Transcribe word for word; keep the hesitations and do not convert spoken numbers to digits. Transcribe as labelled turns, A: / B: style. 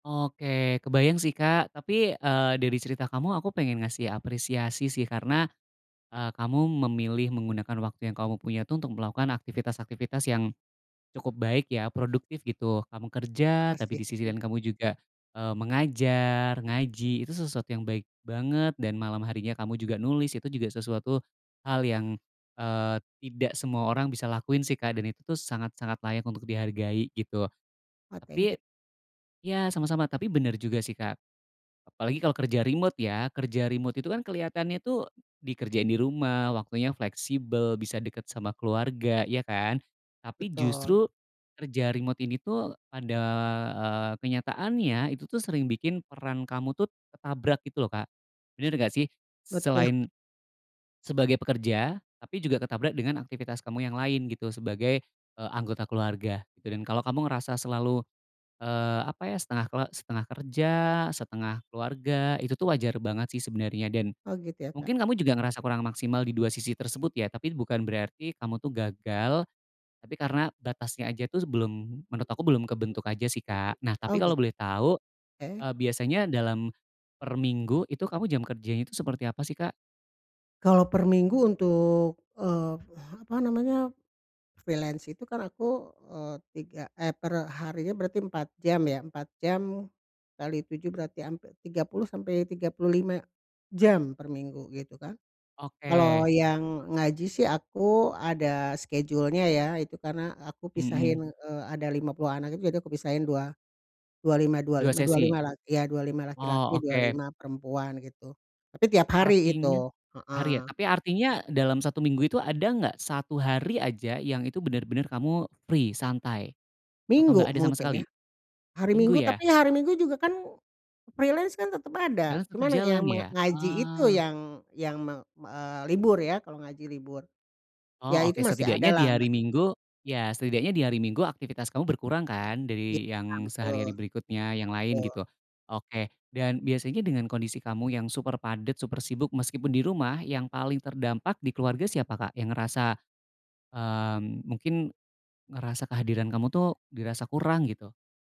A: Oke kebayang sih Kak, tapi, eee, dari cerita kamu aku pengen ngasih apresiasi sih karena, eee, kamu memilih menggunakan waktu yang kamu punya tuh untuk melakukan aktivitas-aktivitas yang cukup baik ya produktif gitu. Kamu kerja tapi
B: Makasih
A: di sisi
B: ya.
A: lain kamu juga, eee, mengajar, ngaji itu sesuatu yang baik banget dan malam harinya kamu juga nulis itu juga sesuatu hal yang, eee, tidak semua orang bisa lakuin sih Kak dan itu tuh sangat-sangat layak untuk dihargai gitu.
B: Oh thank you.
A: Tapi ya, sama-sama tapi bener juga sih Kak, apalagi kalau kerja remote ya, kerja remote itu kan keliatannya tuh, dikerjain di rumah waktunya fleksibel bisa deket sama keluarga, iya kan? Tapi
B: Betul.
A: justru kerja remote ini tuh ada, eee, kenyataannya itu tuh sering bikin peran kamu tuh ketabrak gitu loh Kak, bener nggak sih?
B: Betu
A: Selain, sebagai pekerja tapi juga ketabrak dengan aktivitas kamu yang lain gitu sebagai, eee, anggota keluarga gitu, dan kalo kamu ngerasa selalu, eee, apa ya, setengah kele setengah kerja, setengah keluarga itu tuh wajar banget sih sebenernya dan,
B: Oh gitu ya Kak.
A: mungkin kamu juga ngerasa kurang maksimal di dua sisi tersebut ya tapi bukan berarti kamu tuh gagal, tapi karena batasnya aja tuh sebelum menurut aku belum kebentuk aja sih Kak. Nah tapi
B: Oh
A: kalo
B: git
A: boleh tau,
B: Oke.
A: eee, biasanya dalam per minggu itu kamu jam kerjanya itu seperti apa sih Kak?
B: Kalo per minggu untuk, eee, apa namanya, freelance itu kan aku, eee, tiga, eh, per harinya berarti empat jam ya empat jam kali tujuh berarti hampir tiga puluh sampai tiga puluh lima, jam per minggu gitu kan. Kalau
A: Oke.
B: yang ngaji sih aku ada schedule-nya ya itu karena aku pisahin,
A: Mhm.
B: eee, ada lima puluh anak itu jadi aku pisahin dua dua lima dua
A: dua
B: lima dua
A: sesi?
B: lima la iya dua lima
A: Oh
B: laki-laki dua
A: oke.
B: lima perempuan gitu tapi tiap hari itu,
A: Artinya tiap hari ya?
B: heeh.
A: Tapi artinya dalam satu minggu itu ada nggak satu hari aja yang itu bener-bener kamu free santai, atau nggak
B: Minggu
A: ada sama
B: mungkin ya,
A: sekali?
B: hari
A: Minggu
B: Minggu
A: ya?
B: tapi hari Minggu juga kan, freelance kan tetep ada
A: Freelance tetap
B: cuman yang
A: jalan
B: menga
A: ya?
B: ngaji itu
A: Oh.
B: yang yang meng eee, libur ya kalau ngaji libur, ya
A: Oh
B: itu
A: oke
B: masih
A: setidaknya
B: ada
A: di
B: lah
A: hari
B: masih ada.
A: Minggu ya setidaknya di hari Minggu aktivitas kamu berkurang kan
B: Iya
A: dari yang sehari-hari
B: betul.
A: berikutnya yang lain
B: Betul.
A: gitu, oke dan biasanya dengan kondisi kamu yang super padat, super sibuk meskipun di rumah yang paling terdampak di keluarga siapa Kak? Yang ngerasa, mmm, mungkin, ngerasa kehadiran kamu tuh dirasa kurang gitu.